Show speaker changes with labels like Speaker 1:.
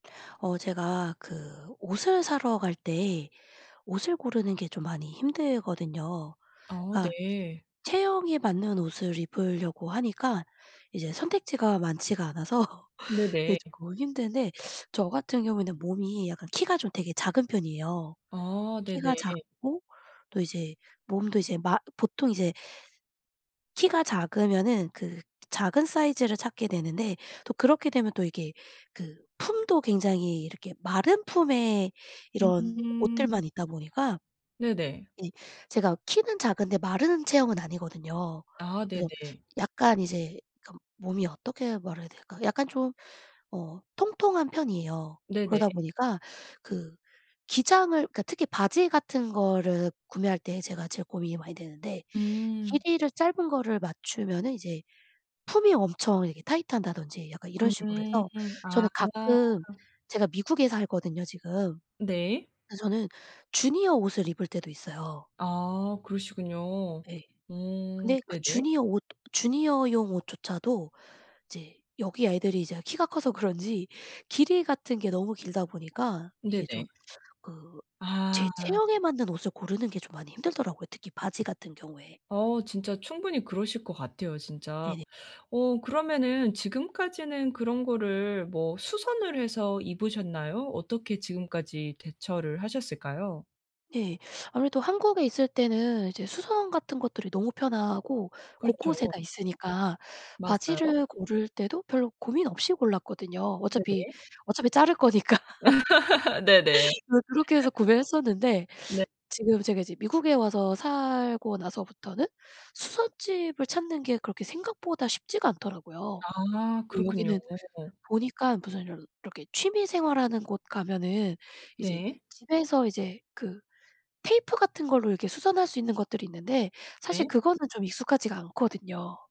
Speaker 1: 어 제가 그 옷을 사러 갈 때 옷을 고르는 게 좀 많이 힘들거든요.
Speaker 2: 어
Speaker 1: 아
Speaker 2: 네.
Speaker 1: 체형에 맞는 옷을 입으려고 하니까 이제 선택지가 많지가 않아서 이게
Speaker 2: 네네.
Speaker 1: 조금 힘든데 저 같은 경우에는 몸이 약간 키가 좀 되게 작은 편이에요.
Speaker 2: 어 네네.
Speaker 1: 키가 작고 또 이제 몸도 이제 마 보통 이제 키가 작으면은 그 작은 사이즈를 찾게 되는데 또 그렇게 되면 또 이게 그 품도 굉장히 이렇게 마른 품의 이런
Speaker 2: 음.
Speaker 1: 옷들만 있다 보니까
Speaker 2: 네네.
Speaker 1: 네 제가 키는 작은데 마른 체형은 아니거든요.
Speaker 2: 아
Speaker 1: 그래서
Speaker 2: 네네.
Speaker 1: 약간 이제 그 몸이 어떻게 말해야 될까? 약간 좀 어 통통한 편이에요.
Speaker 2: 네네.
Speaker 1: 그러다 보니까 그 기장을 그러니까 특히 바지 같은 거를 구매할 때 제가 제일 고민이 많이 되는데.
Speaker 2: 음.
Speaker 1: 길이를 짧은 거를 맞추면은 이제 품이 엄청 이렇게 타이트하다든지 약간 이런 식으로
Speaker 2: 음.
Speaker 1: 해서
Speaker 2: 아.
Speaker 1: 저는 가끔 제가 미국에 살거든요 지금.
Speaker 2: 네.
Speaker 1: 그 저는 주니어 옷을 입을 때도 있어요.
Speaker 2: 아 그러시군요.
Speaker 1: 네.
Speaker 2: 음
Speaker 1: 근데 그
Speaker 2: 네네.
Speaker 1: 주니어 옷 주니어용 옷조차도 이제 여기 애들이 이제 키가 커서 그런지 길이 같은 게 너무 길다 보니까 이게 좀
Speaker 2: 네네.
Speaker 1: 그
Speaker 2: 아.
Speaker 1: 제 체형에 맞는 옷을 고르는 게 좀 많이 힘들더라고요 특히 바지 같은 경우에.
Speaker 2: 어 진짜 충분히 그러실 것 같아요 진짜.
Speaker 1: 네네.
Speaker 2: 어 그러면은 지금까지는 그런 거를 뭐 수선을 해서 입으셨나요? 어떻게 지금까지 대처를 하셨을까요?
Speaker 1: 네. 아무래도 한국에 있을 때는 이제 수선 같은 것들이 너무 편하고
Speaker 2: 그렇죠.
Speaker 1: 곳곳에 다 있으니까
Speaker 2: 맞아요.
Speaker 1: 바지를 고를 때도 별로 고민 없이 골랐거든요 어차피,
Speaker 2: 네네.
Speaker 1: 어차피 자를 거니까.
Speaker 2: 네네.
Speaker 1: 그 그렇게 해서 구매했었는데
Speaker 2: 네.
Speaker 1: 지금 제가 이제 미국에 와서 살고 나서부터는 수선집을 찾는 게 그렇게 생각보다 쉽지가 않더라고요.
Speaker 2: 아
Speaker 1: 그
Speaker 2: 그렇군요.
Speaker 1: 여기는 보니까 무슨 이렇 이렇게 취미 생활하는 곳 가면은 이제
Speaker 2: 네.
Speaker 1: 집에서 이제 그 테이프
Speaker 2: 픕
Speaker 1: 같은 걸로 이렇게 수선할 수 있는 것들이 있는데 사실
Speaker 2: 네.
Speaker 1: 그거는 좀 익숙하지가 않거든요.